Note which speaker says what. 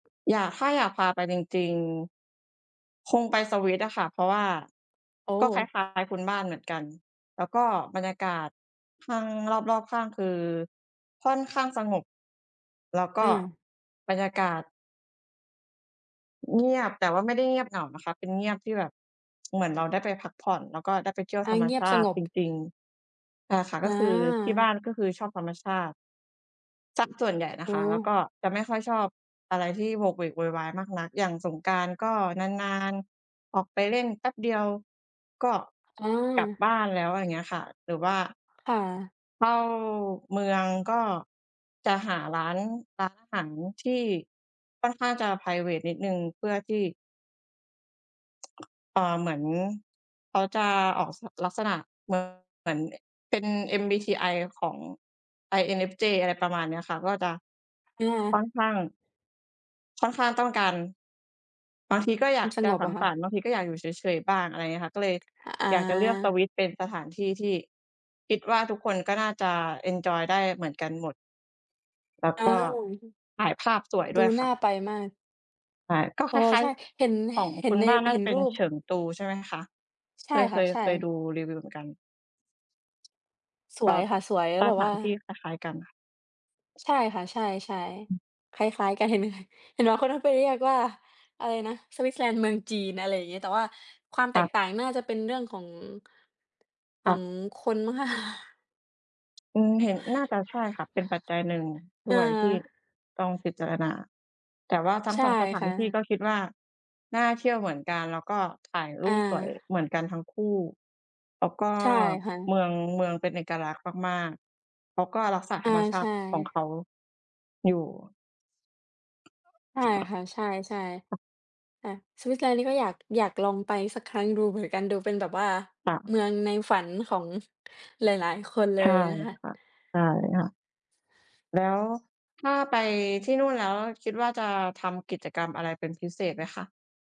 Speaker 1: อยาก ถ้าอยากพาไปจริง ๆ คงไปสวิตอะค่ะ เพราะว่า
Speaker 2: โอ้!
Speaker 1: ก็คล้าย ๆ คุณบ้านเหมือนกัน แล้วก็บรรยากาศข้าง รอบ ๆ ข้าง คือค่อนข้างสงบ แล้วก
Speaker 2: อื
Speaker 1: ็
Speaker 2: อ
Speaker 1: บรรยากาศ เงียบ แต่ว่าไม่ได้เงียบเหงานะคะ เป็นเงียบที่แบบ เหมือนเราได้ไปพักผ่อน แล้วก็ได้ไปเที่ยว
Speaker 2: อ
Speaker 1: ธ
Speaker 2: า
Speaker 1: รรม
Speaker 2: เงีย
Speaker 1: ช
Speaker 2: บ
Speaker 1: า
Speaker 2: ส
Speaker 1: ต
Speaker 2: ง
Speaker 1: ิ
Speaker 2: บ
Speaker 1: จริง ๆ อา ค่ะ ก
Speaker 2: อ
Speaker 1: ็คือที่บ้า
Speaker 2: า
Speaker 1: นก็คือชอบธรรมชาติ เสียส่วนใหญ่น
Speaker 2: โ
Speaker 1: ะ
Speaker 2: อ
Speaker 1: ค
Speaker 2: ้
Speaker 1: ะ แล้วก
Speaker 2: โฮ
Speaker 1: ็จะไม่ค่อยชอบอะไรที่โหวกเหวกโวยวายมากนัก อย่างสงกรานต์ก็นาน ๆ ออกไปเล่น แป๊บเดียวก็
Speaker 2: อ๋
Speaker 1: กลับ
Speaker 2: อ
Speaker 1: บ้านแล้ว อย่างเงี้ยค่ะ หรือว่า
Speaker 2: ค่ะ
Speaker 1: เข้าเมืองก็จะหาร้าน ร้านอาหารที่ค่อนข้างจะไพรเวตนิดหนึ่ง เพื่อที่ เอ่อ เหมือนเขาจะออก ส ลักษณะคือเหมือนเป็น MBTI ของ INFJ อะไรประมาณเนี้ยค่ะ ก็จะ
Speaker 2: นี่ไ
Speaker 1: ค่อ
Speaker 2: ง
Speaker 1: นข้าง ค่อนข้างต้องการ บางทีก็อย
Speaker 2: ม
Speaker 1: า
Speaker 2: ั
Speaker 1: ก
Speaker 2: นส
Speaker 1: จะ
Speaker 2: งบ
Speaker 1: ส
Speaker 2: อ
Speaker 1: ัง
Speaker 2: ะค่
Speaker 1: สร
Speaker 2: ะ
Speaker 1: รค์ บางทีก็อยากอยู่เฉย ๆ บ้าง อะไรอย่างเงี้ยค่ะ ก็เลย
Speaker 2: อ
Speaker 1: อยากจะเลือกส
Speaker 2: า
Speaker 1: วิตเป็นสถานที่ที่คิดว่า ทุกคนก็น่าจะเอนจอยได้เหมือนกันหมด แล้ว
Speaker 2: อ้า
Speaker 1: ก็
Speaker 2: ว
Speaker 1: ถ่ายภาพสวย
Speaker 2: ด
Speaker 1: ด
Speaker 2: ู
Speaker 1: ้วย
Speaker 2: น
Speaker 1: ค
Speaker 2: ่
Speaker 1: ่
Speaker 2: า
Speaker 1: ะ
Speaker 2: ไปมาก
Speaker 1: ใช่ ก็ค
Speaker 2: อ๋อ
Speaker 1: ล้า
Speaker 2: ใ
Speaker 1: ย
Speaker 2: ช่ เห็น
Speaker 1: ๆ ของ
Speaker 2: เห็
Speaker 1: คุ
Speaker 2: น
Speaker 1: ณ
Speaker 2: ใน
Speaker 1: บ้านน่า
Speaker 2: เห็
Speaker 1: จะ
Speaker 2: น
Speaker 1: เป็
Speaker 2: ร
Speaker 1: น
Speaker 2: ูป
Speaker 1: เฉิงตูใช่ไหมคะ?
Speaker 2: ใ
Speaker 1: เ
Speaker 2: ช
Speaker 1: ค
Speaker 2: ่
Speaker 1: ย เ
Speaker 2: ค
Speaker 1: ค
Speaker 2: ่ะ
Speaker 1: ย
Speaker 2: ใช่
Speaker 1: เคยดูรีวิวเหมือนกัน
Speaker 2: ส
Speaker 1: ค
Speaker 2: ว
Speaker 1: ่ะ
Speaker 2: ยค่ะ สวย แล้
Speaker 1: ส
Speaker 2: วแบบ
Speaker 1: ถ
Speaker 2: ว
Speaker 1: า
Speaker 2: ่า
Speaker 1: นที่คล้าย ๆ กันค่ะ
Speaker 2: ใช่ค่ะ ใช่
Speaker 1: อือ
Speaker 2: ๆ คล้าย ๆ กัน เห็น ด้วย เห็นบางคนก็ไปเรียกว่า อะไรนะ สวิตเซอร์แลนด์เมืองจีน อะไรอย่างงี้ แต่ว่าความ
Speaker 1: ค
Speaker 2: แต
Speaker 1: ่
Speaker 2: ก
Speaker 1: ะ
Speaker 2: ต่างน่าจะเป็นเรื่อง ของ
Speaker 1: ค
Speaker 2: ข
Speaker 1: ่
Speaker 2: อ
Speaker 1: ะ
Speaker 2: งคนมั้งคะ
Speaker 1: อืม เห็น น่าจะใช่ค่ะ เป็นปัจจัยหนึ่งด้
Speaker 2: อ
Speaker 1: วยที่
Speaker 2: า
Speaker 1: ต้องพิจารณา แต่ว่าทั้
Speaker 2: ใ
Speaker 1: ง
Speaker 2: ช่
Speaker 1: 2 สถา
Speaker 2: ค
Speaker 1: น
Speaker 2: ่
Speaker 1: ที่ก
Speaker 2: ะ
Speaker 1: ็คิดว่า น่าเที่ยวเหมือนกัน แล้วก็ถ่ายรู
Speaker 2: อ
Speaker 1: ปสวย
Speaker 2: า
Speaker 1: เหมือนกันทั้งคู่ แล้วก็
Speaker 2: ใช่ค่
Speaker 1: เ
Speaker 2: ะ
Speaker 1: มือง เมืองเป็นเอกลักษณ์มาก ๆ เขาก็รักษา
Speaker 2: อ
Speaker 1: ธร
Speaker 2: า
Speaker 1: รมชา
Speaker 2: ใช
Speaker 1: ติของ
Speaker 2: ่
Speaker 1: เขาอยู่
Speaker 2: ใช่ค่ะ ใช่ ๆ อา สวิตเซอร์แลนด์นี่ก็อยาก อยากลองไปสักครั้งดูเหมือนกัน ดูเป็นแบบว่า
Speaker 1: ค่ะ
Speaker 2: เมืองในฝันของหลาย ๆ คนเล
Speaker 1: ใช่
Speaker 2: ยนะคะ
Speaker 1: ค่ะ ใช่ค่ะ แล้วถ้าไปที่นู่นแล้ว คิดว่าจะทำกิจกรรมอะไรเป็นพิเศษไหมคะ?